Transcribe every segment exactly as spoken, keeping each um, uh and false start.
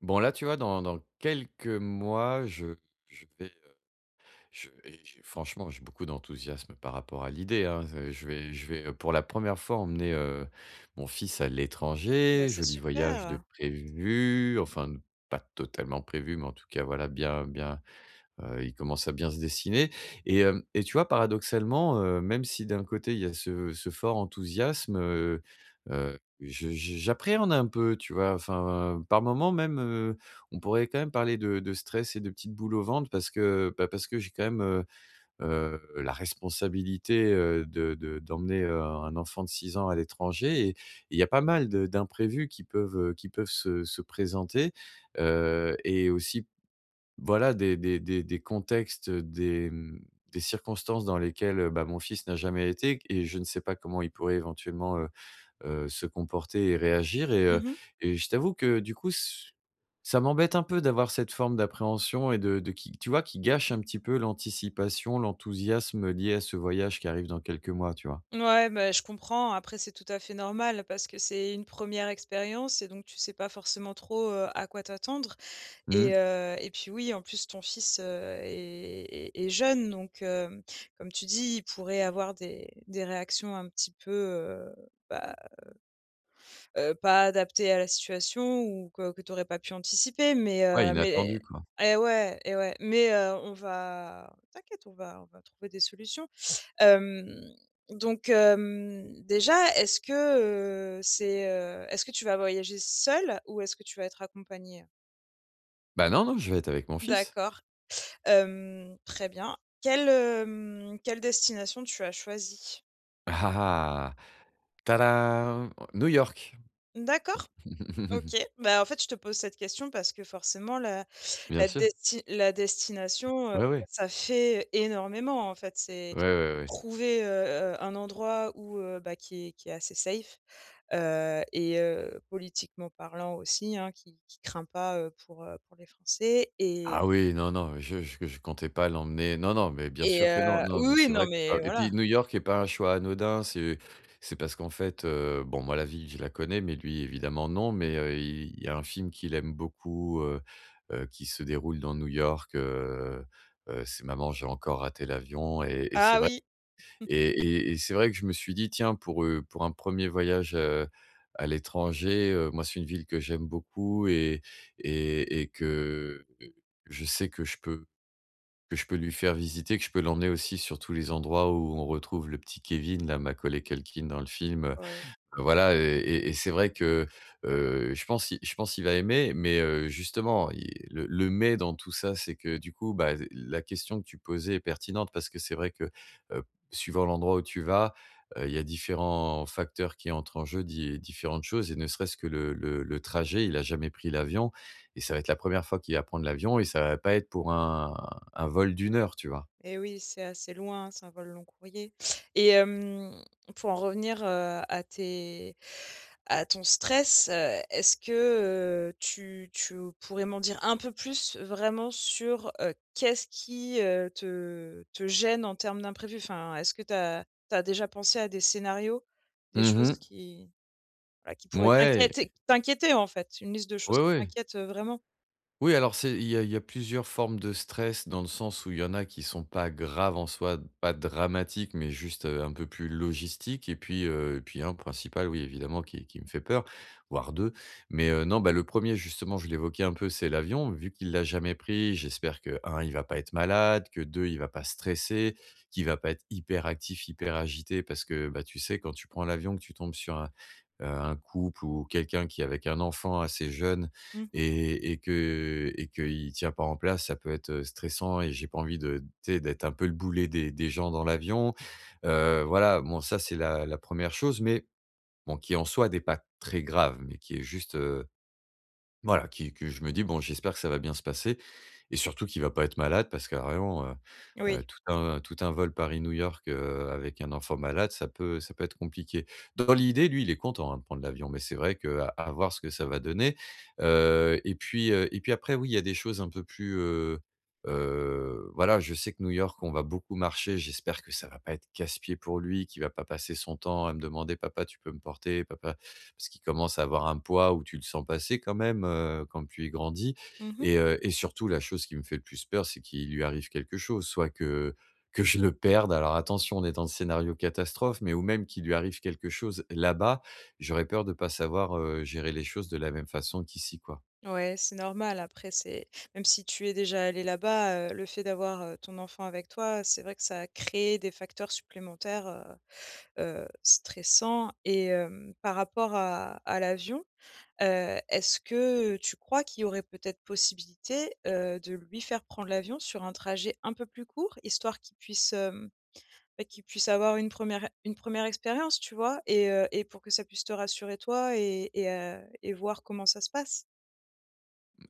Bon, là tu vois dans dans quelques mois, je je vais heu, je vais et franchement j'ai beaucoup d'enthousiasme par rapport à l'idée, hein, z je vais je vais, heu, pour la première fois emmener, heu, mon fils à Bah l'étranger. c'est Joli voyage de super! prévu enfin de pas totalement prévu, mais en tout cas, voilà, bien bien heu, il commence à bien se dessiner. Et hem, et tu vois paradoxalement, heu, même si d'un côté il y a ce ce fort enthousiasme, heu heu, je je j'appréhende un peu, tu vois? Enfin par moments même, heu, on pourrait quand même parler de de stress et de petite boule au ventre parce que bah, parce que j'ai quand même, heu heu la responsabilité, heu, de de d'emmener, heu, un un enfant de six ans à l'étranger et et il y a pas mal de d'imprévus qui peuvent, heu, qui peuvent se se présenter. Heu et aussi, voilà des des des des contextes, des, mmh, des circonstances dans lesquelles, heu, bah, mon fils n'a jamais été, et q et je ne sais pas comment il pourrait éventuellement, heu heu, se comporter et réagir. Et heu, Mmh mh. et je t'avoue que du coup, ce ch ça m'embête un peu d'avoir cette forme d'appréhension et de de, qui tu vois, qui gâche un petit peu l'anticipation, l'enthousiasme lié à ce voyage qui arrive dans quelques mois, tu vois? Mouais, bah, je comprends après c'est tout à fait normal, parce que c'est une première expérience et donc tu sais pas forcément trop, heu, à quoi t'attendre. Et Mmh. heu, et puis, oui, en plus ton fils, heu, est est est jeune donc, hem, comme tu dis: «il pourrait avoir des des réactions un petit peu, heu, bah, heu heu, pas adaptées à la situation» ou que que tu aurais pas pu anticiper. Mais Ouais, heu mais inattendu quoi. et ouais et ouais. Mais, heu, on va t'inquiète, on va on va trouver des solutions. Hem, donc, hem, déjà, est-ce que, heu, c'est, heu est-ce que tu vas voyager seul ou est-ce que tu vas être accompagné? Bah, non, non, je vais être avec mon fils. D'accord. Hem, très bien. Quelle, hem, quelle destination tu as choisi? Ah, ah, ah! Ta-dam! New York! D'accord, OK. Bah, en fait, je te pose cette question parce que, forcément, la Bien la sûr. desti la destination, heu, Ouais, ouais. ça fait, énormément, en fait. C'est Ouais, ouais, ouais. trouver, heu heu, un endroit où, heu, bah, qui est qui est assez safe. Heu, et heu, politiquement parlant aussi, hein, qui qui craint pas, heu, pour, heu, pour les Français et Ah oui! Non, non! Je je je comptais pas l'emmener non, non mais bien Et sûr que non, heu non oui, mais oui c'est non vrai que mais c'est pas et voilà. puis New York est pas un choix anodin, c'est c'est parce qu'en fait, heu, bon, moi la ville je la connais, mais lui évidemment non, mais, heu, il il y a un film qu'il aime beaucoup, heu heu, qui se déroule dans New York, heu heu, c'est Maman j'ai encore raté l'avion et et c'est Ah vrai oui! et et et c'est vrai que je me suis dit: «Tiens pour, heu, pour un premier voyage, heu, à l'étranger» heu, moi c'est une ville que j'aime beaucoup et et et que je sais que je peux que je peux lui faire visiter que je peux l'emmener aussi sur tous les endroits où on retrouve le petit Kevin, là, Macaulay Culkin dans le film, heu, Ouais. voilà, heu, et et c'est vrai que, heu, je pense il je pense il va aimer, mais, heu, justement il le le mais dans tout ça, c'est que du coup, bah, z la question que tu posais est pertinente parce que c'est vrai que, heu, suivant l'endroit où tu vas, heu, il y a différents facteurs qui entrent en jeu, di différentes choses, et ne serait-ce que le le le trajet, il a jamais pris l'avion, et ça va être la première fois qu'il va prendre l'avion et ça va pas être pour un un vol de une heure, tu vois? Eh oui, c'est assez loin, c'est un vol long-courrier et hem, pour en revenir, heu, à tes à ton stress, heu, est-ce que, heu, tu tu pourrais m'en dire un peu plus vraiment sur, heu, qu'est-ce qui, heu, te te gêne en termes d'imprévu? Enfin, est-ce que tu as tu as déjà pensé à des scénarios? Des Mmh choses mh. qui, bah, qui pourraient Mouais t'inquiéter, et t'inquiéter en fait, une liste de choses Ouais, qui ouais. t'inquiètent, heu, vraiment? Oui, alors, c'est il y a il y a plusieurs formes de stress, dans le sens où il y en a qui sont pas graves en soi, pas dramatiques, mais juste, heu, un peu plus logistiques et puis, heu et puis un principal, oui, évidemment, qui qui me fait peur- voire deux mais, heu, non, bah, le premier justement, je l'évoquais un peu, c'est l'avion, vu qu'il l'a jamais pris, j'espère que, un il va pas être malade, que deux il va pas stresser, qu'il va pas être hyperactif, hyperagité. Parce que, bah, tu sais, quand tu prends l'avion que tu tombes sur un, heu, un couple ou quelqu'un qui est avec un enfant assez jeune, Mmh mh. et et que et qu'il tient pas en place, ça peut être, heu, stressant, et j'ai pas envie de tu sais, d'être un peu le boulet des des gens dans l'avion. Heu, voilà, bon, ça c'est la la première chose, mais, bon, qui en soi n'est pas très grave, mais qui est juste, heu, voilà, qui que je me dis: «Bon, j'espère que ça va bien se passer», et surtout qu'il va pas être malade parce que vraiment, heu heu, Oui. tout un tout un vol Paris-New York, heu, avec un enfant malade, ça peut ça peut être compliqué. Dans l'idée, lui, il est content, hein, de prendre l'avion, mais c'est vrai que à voir ce que ça va donner. Heu, et puis, heu, et puis après, oui, il y a des choses un peu plus, heu heu, voilà, je sais que New York on va beaucoup marcher, j'espère que ça va pas être casse-pieds pour lui, qu'il va pas passer son temps à me demander: «Papa, tu peux me porter, papa». Parce qu'il commence à avoir un poids où tu le sens passer quand même, heu, quand plus il grandit Mmh mh. et heu, et surtout la chose qui me fait le plus peur, c'est qu'il lui arrive quelque chose. Soit que que je le perde- alors attention, on est dans le scénario catastrophe- mais ou même, qu'il lui arrive quelque chose là-bas, j'aurais peur de pas savoir, heu, gérer les choses de la même façon qu'ici, quoi. Ouais, c'est normal. Après, c'est même si tu es déjà allé là-bas, heu, le fait d'avoir, heu, ton enfant avec toi, c'est vrai que ça a créé des facteurs supplémentaires, heu heu, stressant et hem, par rapport à à l'avion, heu, est-ce que tu crois qu'il y aurait peut-être possibilité, heu, de lui faire prendre l'avion sur un trajet un peu plus court? Histoire qu'il puisse, hem, beh, qu'il puisse avoir une première une première expérience tu vois? Et heu, et pour que ça puisse te rassurer toi et et heu, et voir comment ça se passe?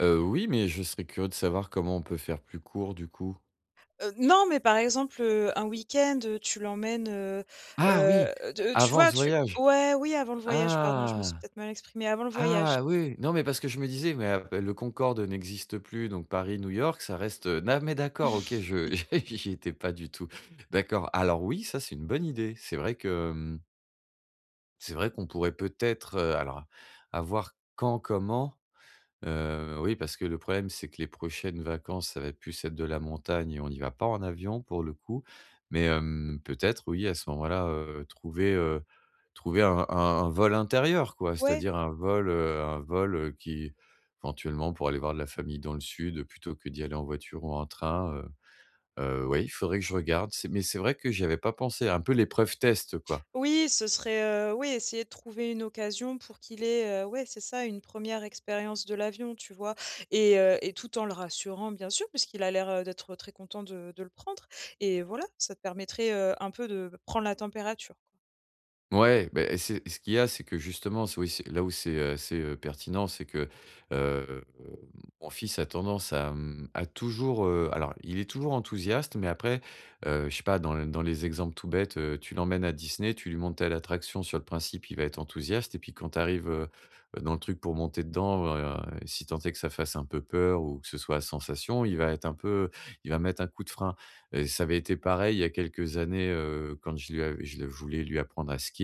Heu, oui, mais je serais curieux de savoir comment on peut faire plus court, du coup? Heu, non, mais par exemple, heu, un week-end, heu, tu l'emmènes, heu Ah oui, heu, de tu avant vois, ce tu voyage? ouais, oui avant le voyage, pardon, je me suis Ah! peut-être mal exprimée, avant le voyage. Ah oui, non mais parce que je me disais: «Mais a mais le Concorde n'existe plus, donc Paris-New York, ça reste, heu». Non mais d'accord. OK je j'y j'y étais pas du tout. D'accord. Alors oui, ça, c'est une bonne idée. C'est vrai que, mmh c'est vrai qu'on pourrait peut-être, heu, alors, à voir quand, comment. Heu, oui, parce que le problème, c'est que les prochaines vacances, ça va plus être de la montagne et on y va pas en avion, pour le coup. Mais hem, peut-être oui, à ce moment-là, heu, trouver, heu, trouver un un un vol intérieur, quoi. Ouais. C'est-à-dire un vol, heu, un vol, heu, qui éventuellement, pour aller voir de la famille dans le sud, plutôt que d'y aller en voiture ou en train, heu heu, oui, il faudrait que je regarde. C'est mais c'est vrai que j'y avais pas pensé, un peu l'épreuve test, quoi. Oui, ce serait, heu oui, essayer de trouver une occasion pour qu'il ait, heu ouais, c'est ça, une première expérience de l'avion, tu vois? Et, heu et tout en le rassurant, bien sûr, puisqu'il a l'air d'être très content de de le prendre, et voilà. Ça te permettrait, heu, un peu de prendre la température. Mouais. Beh, eh, c'est ce qu'il y a c'est que justement s oui, c'est là où c'est, heu, c'est, heu, pertinent, c'est que, heu, mon fils a tendance à, mmh, à toujours, heu, alors, il est toujours enthousiaste, mais après, heu, je sais pas, dans l dans les exemples tout bêtes, heu, tu l'emmènes à Disney, tu lui montres telle attraction sur le principe, il va être enthousiaste et puis quand tu arrives, heu heu, dans le truc pour monter dedans, ben, si tant est que ça fasse un peu peur ou que ce soit à sensations, il va être un peu il va mettre un coup de frein. Heu, ça avait été pareil, il y a quelques années, heu, quand je lui avais je le je voulais lui apprendre à skier.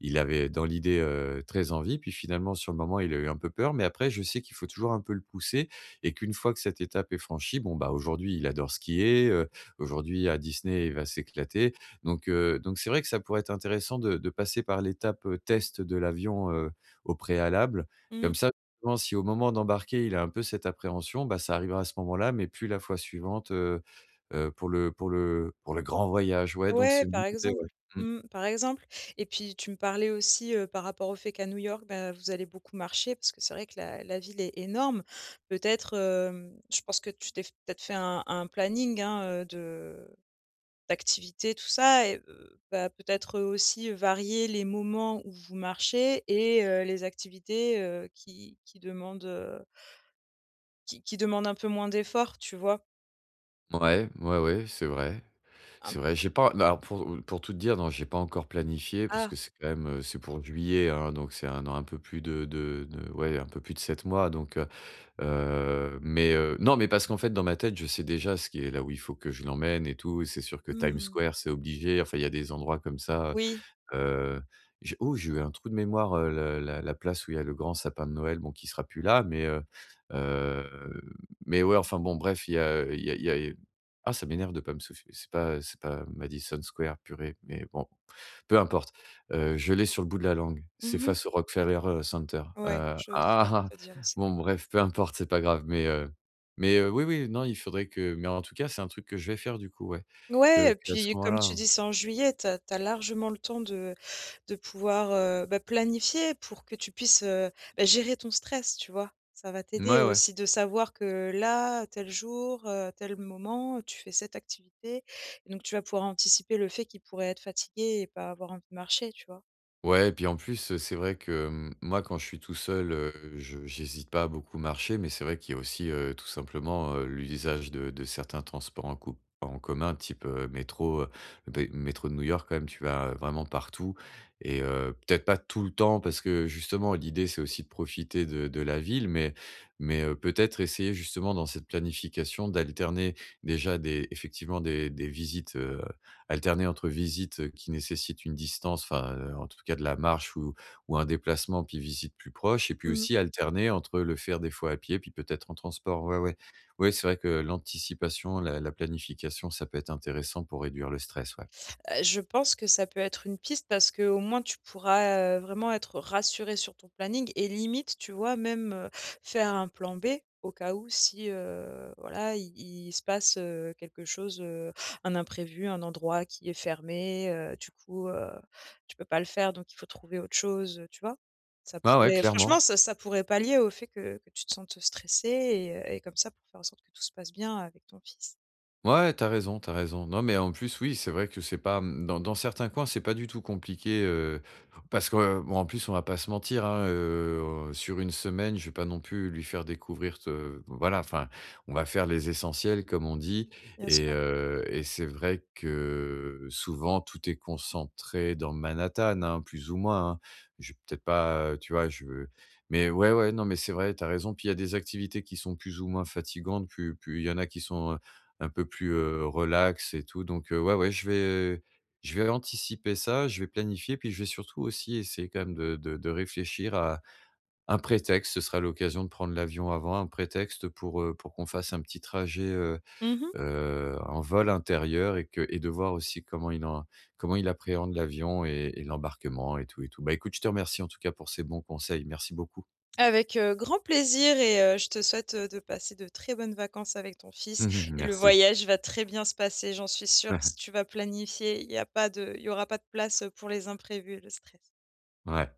Il avait, dans l'idée, heu, très envie, puis finalement, sur le moment, il a eu un peu peur, mais après, je sais qu'il faut toujours un peu le pousser et qu'une fois que cette étape est franchie, bon, bah, aujourd'hui, il adore skier, heu, aujourd'hui à Disney, il va s'éclater, donc, heu, donc c'est vrai que ça pourrait être intéressant de de passer par l'étape, heu, test de l'avion, heu, au préalable. Mmh. Comme ça, [unintelligible] si au moment d'embarquer, il a un peu cette appréhension, bah ça arrivera à ce moment-là, mais plus la fois suivante, heu heu, pour le pour le pour le grand voyage. Ouais, donc Ouais, c'est une par [unintelligible] idée, exemple, ouais, mmh. mmh, par exemple, et puis, tu me parlais aussi, heu, par rapport au fait qu'à New York, ben, vous allez beaucoup marcher, parce que c'est vrai que la la ville est énorme, peut-être, hem, je pense que tu t'es f peut-être fait un un planning, hein, heu, de d'activités, tout ça et heu, bah, peut-être, heu, aussi varier les moments où vous marchez, et heu, les activités, heu, qui qui demandent, heu qui qui demandent un peu moins d'effort, tu vois? Mouais, ouais, ouais, c'est vrai. Am C'est vrai, j'ai pas bah, alors, pour pour tout te dire non, j'ai pas encore planifié, parce Ah! que c'est quand même, heu, c'est pour juillet, hein, donc c'est un dans un peu plus de de de ouais, un peu plus de sept mois, donc, heu heu, mais, heu non, mais parce qu'en fait dans ma tête, je sais, déjà, ce qui est là où il faut que je l'emmène et tout, c'est sûr que Times Mmh mh. Square, c'est obligé, enfin, il y a des endroits, comme ça. Oui. Heu, j'ai oh! J'ai eu un trou de mémoire, heu, le la la place où il y a le grand sapin de Noël, bon qui sera plus là, mais heu heu, mais ouais, enfin bon, bref, il y a il y a il y a ah ça m'énerve de pas me souf c'est pas c'est pas Madison Square, purée, mais bon, peu importe. Heu, je l'ai sur le bout de la langue, c'est Mmh mh. face au Rockefeller, heu, Center Ouais, heu, je saurais [unintelligible] te dire où c'est. bon bref, peu importe, c'est pas grave, mais, heu, mais, heu, oui, oui, non, il faudrait que mais en tout cas, c'est un truc que je vais faire du coup, ouais, Ouais que et que à ce puis comme tu moment-là dis, c'est en juillet, tu as tu as largement le temps de de pouvoir, heu, bah, planifier pour que tu puisses, heu, bah, gérer ton stress, tu vois? Ça va t'aider Mouais, ouais. aussi de savoir que là, tel jour, heu, tel moment, tu fais cette activité et donc tu vas pouvoir anticiper le fait qu'il pourrait être fatigué et pas avoir envie de marcher, tu vois? Ouais et puis en plus, heu, c'est vrai que, hem, moi, quand je suis tout seul, heu, je j'hésite pas à beaucoup marcher. Mais c'est vrai qu'il y a aussi, heu, tout simplement, heu, l'usage de de certains transports en co en commun, type, heu, métro, heu des métros de New-York. Quand même, tu vas vraiment partout et heu, peut-être pas tout le temps parce que justement, l'idée, c'est aussi de profiter de de la ville, mais mais, heu, peut-être essayer justement, dans cette planification, d'alterner déjà des- effectivement- des des visites, heu alterner entre visites, heu, qui nécessitent une distance enfin, heu, en tout cas de la marche ou ou un déplacement, puis visites plus proches et puis Mmh. aussi alterner entre le faire des fois à pied, puis peut-être en transport. Ouais, ouais. Ouais, c'est vrai que l'anticipation, la la planification, ça peut être intéressant pour réduire le stress. Ouais. Heu, je pense que ça peut être une piste parce qu'au moins, tu pourras, heu, vraiment être rassuré sur ton planning et limite, tu vois, même, heu, faire un plan B, au cas où si, heu, voilà, il il se passe, heu, quelque chose, heu, un imprévu, un endroit qui est fermé, heu, du coup, heu, tu peux pas le faire donc il faut trouver autre chose, heu, tu vois? Ça Ouais, ouais, pourrait clairement. franchement, ça ça pourrait palier au fait que que tu te sentes stressé et heu et comme ça pour faire en sorte que tout se passe bien avec ton fils. Ouais, tu as raison, tu as raison. Non, mais, en plus, oui, c'est vrai que c'est pas, mmh, dans dans certains coins, c'est pas du tout compliqué, heu parce que bon en plus, on va pas se mentir, hein, heu, sur une semaine, je vais pas non plus lui faire découvrir te voilà, enfin, on va faire les essentiels, comme on dit Bien et sûr. heu et c'est vrai que, souvent, tout est concentré dans Manhattan, hein, plus ou moins, hein. Je vais peut-être, pas heu, tu vois? Je mais ouais, ouais, non mais c'est vrai, tu as raison, puis il y a des activités qui sont plus ou moins fatigantes, pu puis il y en a qui sont, heu, un peu plus, heu, relax et tout, donc, heu, ouais, ouais, je vais je vais anticiper ça, je vais planifier, puis je vais surtout aussi essayer, quand même, de de de réfléchir à un prétexte. Ce sera l'occasion de prendre l'avion avant, un prétexte pour, heu, pour qu'on fasse un petit trajet, heu Mmh mh. heu, un vol intérieur et que et de voir aussi comment il en comment il appréhende l'avion et et l'embarquement et tout, et tout. Bah, écoute je te remercie en tout cas, pour ces bons conseils, merci beaucoup. Avec, heu, grand plaisir, et heu, je te souhaite, heu, de passer de très bonnes vacances avec ton fils Mmh mh, et le merci. voyage va très bien se passer, j'en suis sûre. Si tu vas planifier, il y a pas de il y aura pas de place, heu, pour les imprévus et le stress. Ouais.